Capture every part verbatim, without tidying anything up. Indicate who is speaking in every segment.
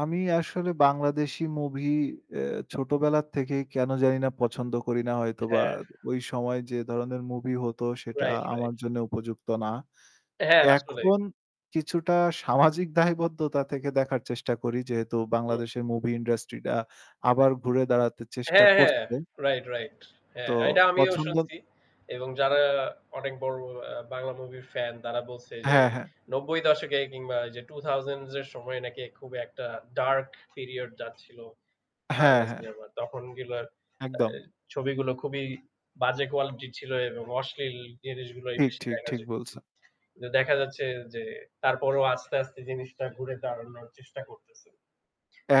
Speaker 1: আমি আসলে বাংলাদেশি মুভি অ্যা ছোটবেলা থেকেই কেন জানি না পছন্দ করি না হয়তো বা
Speaker 2: হ্যাঁ।
Speaker 1: ওই সময় যে ধরনের মুভি হতো সেটা
Speaker 2: রাইট, রাইট।
Speaker 1: আমার জন্য উপযুক্ত না।
Speaker 2: হ্যাঁ আসলেই।
Speaker 1: এখন কিছুটা সামাজিক দায়বদ্ধতা থেকে দেখার চেষ্টা করি। যেহেতু
Speaker 2: হু, হু।
Speaker 1: বাংলাদেশের মুভি ইন্ডাস্ট্রিটা আবার ঘুরে দাঁড়াতে চেষ্টা
Speaker 2: হ্যাঁ ,হ্যাঁ,
Speaker 1: করছে।
Speaker 2: Right, right.
Speaker 1: তো
Speaker 2: হ্যাঁ, এটা আমিও
Speaker 1: পছন্দ
Speaker 2: শুনছি। এবং যারা অনেক বড়, বড় আ বাংলা মুভির ফ্যান তারা বলছে যে
Speaker 1: হ্যাঁ, হ্যাঁ।
Speaker 2: নব্বই দশক এ কিংবা এইযে two thousand এর সময় নাকি খুব একটা ডার্ক পিরিয়ড যাচ্ছিল
Speaker 1: হ্যাঁ,
Speaker 2: বাংলা
Speaker 1: হ্যাঁ।
Speaker 2: সিনেমার। তখন গেলো আ
Speaker 1: একদম।
Speaker 2: ছবিগুলো খুবই বাজে কোয়ালিটি ছিল এবং অশ্লীল জিনিসগুলোই
Speaker 1: ঠিক,
Speaker 2: বেশি
Speaker 1: ঠিক
Speaker 2: দেখা
Speaker 1: ঠিক
Speaker 2: যেত।
Speaker 1: বলছেন।
Speaker 2: দেখা যাচ্ছে যে তারপরেও আস্তে, আস্তে জিনিসটা ঘুরে দাঁড়ানোর চেষ্টা করতেছে।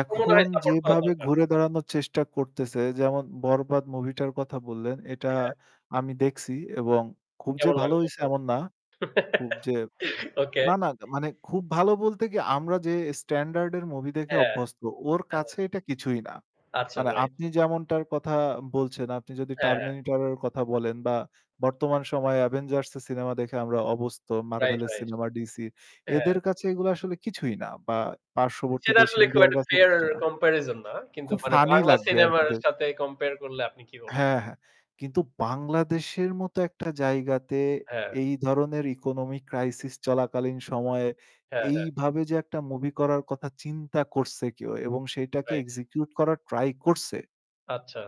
Speaker 2: আমার মনে হয় সাপোর্ট করা
Speaker 1: যেভাবে
Speaker 2: দরকার।
Speaker 1: ঘুরে দাঁড়ানোর চেষ্টা করতেছে যেমন 'বরবাদ' মুভিটার কথা বললেন এটা
Speaker 2: হ্যাঁ।
Speaker 1: আমি দেখছি এবং খুব যে
Speaker 2: কেমন
Speaker 1: ভালো
Speaker 2: লাগলো
Speaker 1: হইছে
Speaker 2: আপনার?
Speaker 1: এমন না। খুব যে
Speaker 2: ওকে।
Speaker 1: না, না মানে খুব ভালো বলতে কি আমরা যে স্ট্যান্ডার্ড এর মুভি দেখে
Speaker 2: হ্যাঁ,
Speaker 1: অভ্যস্ত ওর
Speaker 2: হ্যাঁ।
Speaker 1: কাছে এটা কিছুই না।
Speaker 2: আচ্ছা
Speaker 1: মানে
Speaker 2: রাইট।
Speaker 1: আপনি যেমনটার কথা বলছেন আপনি যদি
Speaker 2: হ্যাঁ, হ্যাঁ।
Speaker 1: 'Terminator' এর কথা বলেন বা বর্তমান সময়ে 'Avengers' এর সিনেমা দেখে আমরা অভস্থ
Speaker 2: রাইট,
Speaker 1: 'Marvel'-এর
Speaker 2: রাইট।
Speaker 1: সিনেমা, 'DC'
Speaker 2: হ্যাঁ।
Speaker 1: এদের কাছে এগুলো আসলে কিছুই না বা পার্শ্ববর্তী
Speaker 2: সেটা
Speaker 1: দেশ
Speaker 2: আসলে খুব
Speaker 1: ইন্ডিয়ার
Speaker 2: একটা
Speaker 1: কাছেও
Speaker 2: ফেয়ার
Speaker 1: কিছু না।
Speaker 2: কম্পারিজন না। কিন্তু
Speaker 1: খুব
Speaker 2: মানে
Speaker 1: ফানি
Speaker 2: বাংলা
Speaker 1: লাগবে আর কি
Speaker 2: সিনেমার
Speaker 1: দেক
Speaker 2: সাথে কম্পেয়ার করলে আপনি কি বলবেন?
Speaker 1: হ্যাঁ, হ্যাঁ। কিন্তু বাংলাদেশের মত একটা জায়গাতে
Speaker 2: হ্যাঁ।
Speaker 1: এই ধরনের economic crisis চলাকালীন সময়ে
Speaker 2: হ্যাঁ, হ্যাঁ।
Speaker 1: এইভাবে যে একটা মুভি করার কথা চিন্তা করছে কেউ এবং সেটাকে
Speaker 2: রাইট।
Speaker 1: এক্সিকিউট করার ট্রাই করছে
Speaker 2: আচ্ছা।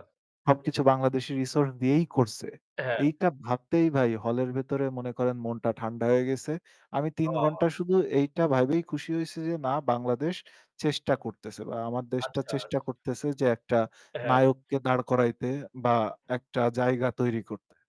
Speaker 2: হু, হু।
Speaker 1: সবকিছু বাংলাদেশি রিসোর্স দিয়েই করছে।
Speaker 2: হ্যাঁ।
Speaker 1: এইটা ভাবতেই ভাই হলের ভেতরে মনে করেন মনটা ঠান্ডা হয়ে গেছে। আমি তিন
Speaker 2: ওহ।
Speaker 1: ঘন্টা শুধু এইটা ভাইবেই খুশি হইছি যে না বাংলাদেশ চেষ্টা করতেছে বা আমার দেশটা
Speaker 2: আচ্ছা, আচ্ছা।
Speaker 1: চেষ্টা করতেছে যে একটা
Speaker 2: হ্যাঁ।
Speaker 1: নায়ককে দাঁড় করাইতে বা একটা জায়গা তৈরি করতে।